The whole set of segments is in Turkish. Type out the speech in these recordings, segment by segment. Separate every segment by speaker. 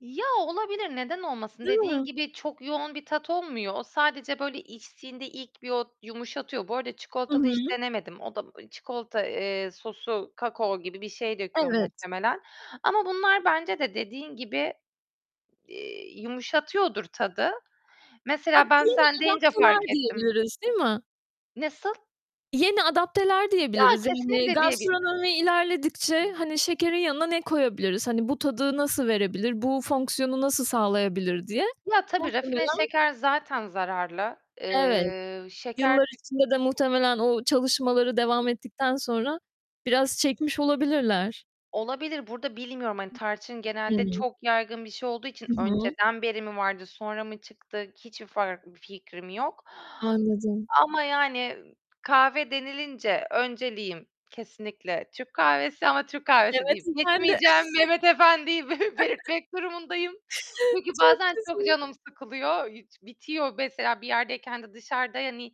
Speaker 1: Ya, olabilir. Neden olmasın?
Speaker 2: Değil
Speaker 1: Dediğin
Speaker 2: mi?
Speaker 1: gibi çok yoğun bir tat olmuyor. O sadece böyle, içtiğinde ilk bir o yumuşatıyor. Bu arada
Speaker 2: I
Speaker 1: çikolatalı hiç
Speaker 2: hı.
Speaker 1: denemedim. O da, ııı, çikolata, eee, sosu kakao gibi bir şey döküyor
Speaker 2: Evet.
Speaker 1: muhtemelen ama bunlar bence de dediğin gibi, eee, yumuşatıyordur tadı.
Speaker 2: A,
Speaker 1: Mesela, ben
Speaker 2: yeni
Speaker 1: sen deyince fark
Speaker 2: adapteler
Speaker 1: ettim.
Speaker 2: diyebiliriz, değil mi?
Speaker 1: Nasıl?
Speaker 2: Yeni adapteler
Speaker 1: Ya,
Speaker 2: diyebiliriz. Yani,
Speaker 1: kesinlikle diyebi
Speaker 2: gastronomi ilerledikçe, hani, şekerin yanına ne koyabiliriz? Hani, bu tadı nasıl verebilir? Bu fonksiyonu nasıl sağlayabilir diye.
Speaker 1: Ya, tabii, rafine
Speaker 2: Muhtemelen.
Speaker 1: şeker zaten zararlı.
Speaker 2: Evet,
Speaker 1: Eee, şeker
Speaker 2: yıllar
Speaker 1: tü
Speaker 2: içinde de muhtemelen o çalışmaları devam ettikten sonra biraz çekmiş olabilirler.
Speaker 1: Olabilir, burada bilmiyorum, hani, tarçın genelde
Speaker 2: Hıı.
Speaker 1: çok yaygın bir şey olduğu için
Speaker 2: Hı hı.
Speaker 1: önceden beri mi vardı, sonra mı çıktı, hiçbir far bir fikrim yok
Speaker 2: Anladım.
Speaker 1: ama, yani, kahve denilince önceliğim kesinlikle Türk kahvesi ama Türk kahvesi
Speaker 2: Mehmet
Speaker 1: deyip
Speaker 2: Efendi.
Speaker 1: geçmeyeceğim, Mehmet Efendi'yi be belirtmek durumundayım çünkü
Speaker 2: Çok
Speaker 1: bazen çok
Speaker 2: güzel.
Speaker 1: canım sıkılıyor, iç bitiyor. Mesela bir yerdeyken de dışarıda, hani,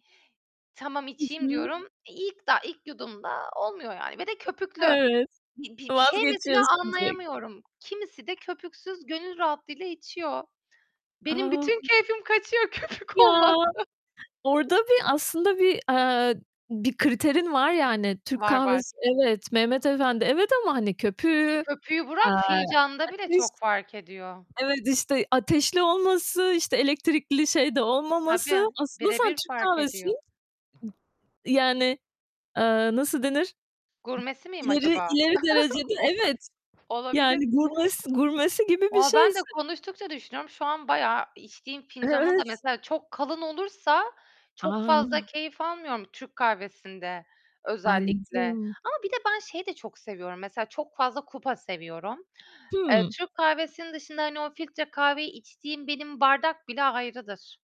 Speaker 1: tamam,
Speaker 2: Hı
Speaker 1: içeyim
Speaker 2: hı.
Speaker 1: diyorum, eee, ilk daha ilk yudumda olmuyor yani. ve de köpüklü.
Speaker 2: Evet,
Speaker 1: Bir bir bir şey mesela
Speaker 2: vazgeçiyorsun direkt.
Speaker 1: anlayamıyorum. Kimisi de köpüksüz gönül rahatlığıyla içiyor. Benim bütün
Speaker 2: A!
Speaker 1: keyfim kaçıyor köpük
Speaker 2: Ya!
Speaker 1: olmazsa.
Speaker 2: Orada bir aslında bir, eee, bir kriterin var yani, Türk
Speaker 1: Var, var.
Speaker 2: kahvesi, evet, Mehmet Efendi, evet ama hani köpüğü,
Speaker 1: Köpüğü
Speaker 2: eee,
Speaker 1: bırak fincanda bile
Speaker 2: ateş
Speaker 1: çok fark ediyor.
Speaker 2: Evet, işte, ateşli olması, işte, elektrikli şeyde olmaması,
Speaker 1: Tabii.
Speaker 2: aslında sen
Speaker 1: Birebir
Speaker 2: Türk
Speaker 1: fark
Speaker 2: kahvesi
Speaker 1: ediyor.
Speaker 2: yani, eee, nasıl denir?
Speaker 1: Gurmesi miyim
Speaker 2: İleri,
Speaker 1: acaba?
Speaker 2: ileri derecede
Speaker 1: O
Speaker 2: evet.
Speaker 1: olabilir.
Speaker 2: Yani, gurmesi gurmesi gibi bir
Speaker 1: Valla, ben de
Speaker 2: şeysin.
Speaker 1: konuştukça düşünüyorum. Şu an, bayağı içtiğim fincanı da
Speaker 2: Evet.
Speaker 1: mesela çok kalın olursa, çok fazla
Speaker 2: A!
Speaker 1: keyif almıyorum Türk kahvesinde özellikle.
Speaker 2: Anladım.
Speaker 1: Ama bir de ben şeyi de çok seviyorum mesela, çok fazla kupa seviyorum. Eee,
Speaker 2: Hımm.
Speaker 1: Türk kahvesinin dışında, hani, o filtre kahveyi içtiğim benim bardak bile ayrıdır.